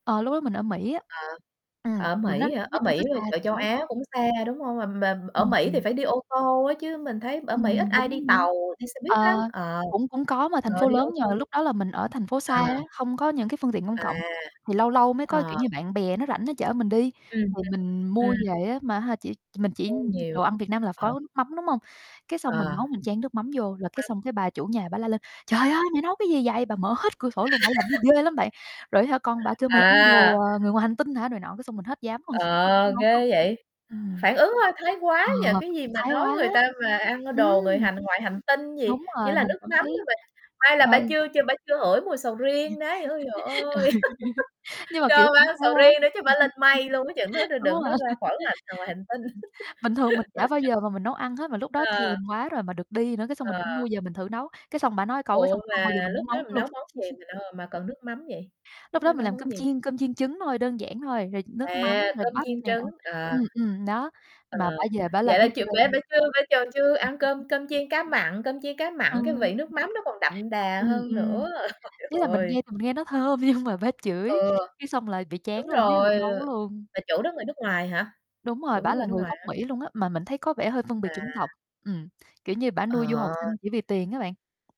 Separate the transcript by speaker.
Speaker 1: Ờ, lúc đó mình ở Mỹ á.
Speaker 2: Ờ,
Speaker 1: Ừm,
Speaker 2: ở
Speaker 1: mà nó
Speaker 2: Mỹ hả? Ở
Speaker 1: nói chung
Speaker 2: Mỹ
Speaker 1: nó
Speaker 2: ở
Speaker 1: xa
Speaker 2: chợ
Speaker 1: thành
Speaker 2: Châu
Speaker 1: phố.
Speaker 2: Á cũng xa, đúng hông? Mà mà ở
Speaker 1: Ừm,
Speaker 2: Mỹ thì
Speaker 1: ừm.
Speaker 2: phải đi ô tô á, chứ mình thấy ở Mỹ ít
Speaker 1: Ừm,
Speaker 2: ai đi
Speaker 1: đúng, đúng.
Speaker 2: tàu, đi xe buýt lắm,
Speaker 1: Ờ,
Speaker 2: ờ,
Speaker 1: cũng cũng có, mà thành
Speaker 2: ờ,
Speaker 1: phố
Speaker 2: đi ô
Speaker 1: lớn nhưng
Speaker 2: tô,
Speaker 1: mà lúc đó là mình ở thành phố xa á,
Speaker 2: à.
Speaker 1: không có những cái phương tiện công
Speaker 2: À,
Speaker 1: cộng, thì lâu lâu mới có, kiểu
Speaker 2: ờ.
Speaker 1: như, bạn bè nó rảnh nó chở mình đi.
Speaker 2: Ừm, ừm,
Speaker 1: Thì mình
Speaker 2: ừm.
Speaker 1: mua về á, mà ha, chỉ mình chỉ
Speaker 2: Mua nhiều,
Speaker 1: đồ ăn Việt Nam là
Speaker 2: ờ.
Speaker 1: có nước mắm, đúng hông? Cái xong mình
Speaker 2: Ờ,
Speaker 1: nấu mình chan nước mắm vô,
Speaker 2: nước
Speaker 1: là cái
Speaker 2: mắm.
Speaker 1: xong cái bà chủ nhà bả la lên: "Trời ơi! Mày nấu cái gì vậy?" Bà mở hết cửa sổ luôn, bả làm gì ghê lắm bạn. Rồi á hả, con bả kêu "Mày ăn đồ,
Speaker 2: À!
Speaker 1: ờ, người ngoài hành tinh hả" này nọ, cái xong mình hết dám luôn, hết dám
Speaker 2: Ờ,
Speaker 1: nấu luôn.
Speaker 2: ghê vậy.
Speaker 1: Ừm.
Speaker 2: Phản ứng hơi thái quá
Speaker 1: Ờ,
Speaker 2: nhỉ, cái gì mà
Speaker 1: thái
Speaker 2: nói
Speaker 1: quá,
Speaker 2: người ta mà ăn
Speaker 1: ừm.
Speaker 2: đồ người hành ngoài hành tinh gì,
Speaker 1: Đúng
Speaker 2: chỉ
Speaker 1: rồi,
Speaker 2: là
Speaker 1: mình
Speaker 2: nước
Speaker 1: cảm
Speaker 2: mắm
Speaker 1: thấy,
Speaker 2: thôi mà, may là
Speaker 1: ơ
Speaker 2: bả chưa chưa bả chưa hửi mùi sầu
Speaker 1: Ừ.
Speaker 2: riêng đấy, ôi giời ơi!
Speaker 1: Nhưng mà, kiểu,
Speaker 2: Cho bả
Speaker 1: cũng
Speaker 2: ăn
Speaker 1: thái
Speaker 2: sầu
Speaker 1: quá,
Speaker 2: riêng đi chắc bả lên mây luôn á, chừng đó đ
Speaker 1: đúng rồi.
Speaker 2: đừng nói ra khỏi ngành, à, ngoài hành tinh.
Speaker 1: Bình thường mình chả bao giờ mà mình nấu ăn hết, mà lúc đó
Speaker 2: Ờ.
Speaker 1: thèm quá rồi mà được đi nữa, cái xong mình cũng
Speaker 2: Ờ.
Speaker 1: mua về mình thử nấu, cái xong bả nói câu, cái
Speaker 2: Ủa,
Speaker 1: xong không
Speaker 2: mà
Speaker 1: bao giờ mình
Speaker 2: lúc
Speaker 1: muốn nấu
Speaker 2: đó
Speaker 1: nữa
Speaker 2: mình
Speaker 1: luôn.
Speaker 2: nấu món gì, mình ơ, mà cần nước mắm vậy?
Speaker 1: Lúc
Speaker 2: Lúc đó
Speaker 1: đó mình
Speaker 2: nấu
Speaker 1: làm
Speaker 2: món
Speaker 1: cơm
Speaker 2: gì?
Speaker 1: chiên cơm chiên trứng thôi, đơn giản thôi, rồi nước
Speaker 2: À,
Speaker 1: mắm, rồi
Speaker 2: cơm
Speaker 1: bắp
Speaker 2: chiên
Speaker 1: này nọ
Speaker 2: trứng, ờ.
Speaker 1: ừm, ừm, đó,
Speaker 2: Ờ,
Speaker 1: mà bả về bả làm
Speaker 2: vậy là
Speaker 1: thấy
Speaker 2: chịu
Speaker 1: ghê
Speaker 2: bả
Speaker 1: luôn.
Speaker 2: bả chưa bả chòn chưa ăn cơm
Speaker 1: [unintelligible]
Speaker 2: cơm chiên cá mặn, cơm chiên cá
Speaker 1: Ừ.
Speaker 2: mặn cái vị nước mắm nó còn đậm đà
Speaker 1: Ừm,
Speaker 2: hơn
Speaker 1: ừm.
Speaker 2: nữa. Trời
Speaker 1: Ý là mình
Speaker 2: ơi
Speaker 1: nghe thì mình nghe nó thơm, nhưng mà bả chửi,
Speaker 2: Ừ,
Speaker 1: cái xong là bị chán
Speaker 2: đúng
Speaker 1: luôn, chứ hông
Speaker 2: rồi,
Speaker 1: nấu luôn.
Speaker 2: bà chủ đó người nước ngoài hả?
Speaker 1: Đúng
Speaker 2: Chủ
Speaker 1: rồi,
Speaker 2: đó
Speaker 1: bả
Speaker 2: người
Speaker 1: là
Speaker 2: nước
Speaker 1: người
Speaker 2: ngoài
Speaker 1: gốc
Speaker 2: hả?
Speaker 1: Mỹ luôn á, mà mình thấy có vẻ hơi phân biệt
Speaker 2: À.
Speaker 1: chủng tộc, ừm, kiểu như, bả nuôi du học
Speaker 2: Ờ.
Speaker 1: sinh chỉ vì tiền á bạn.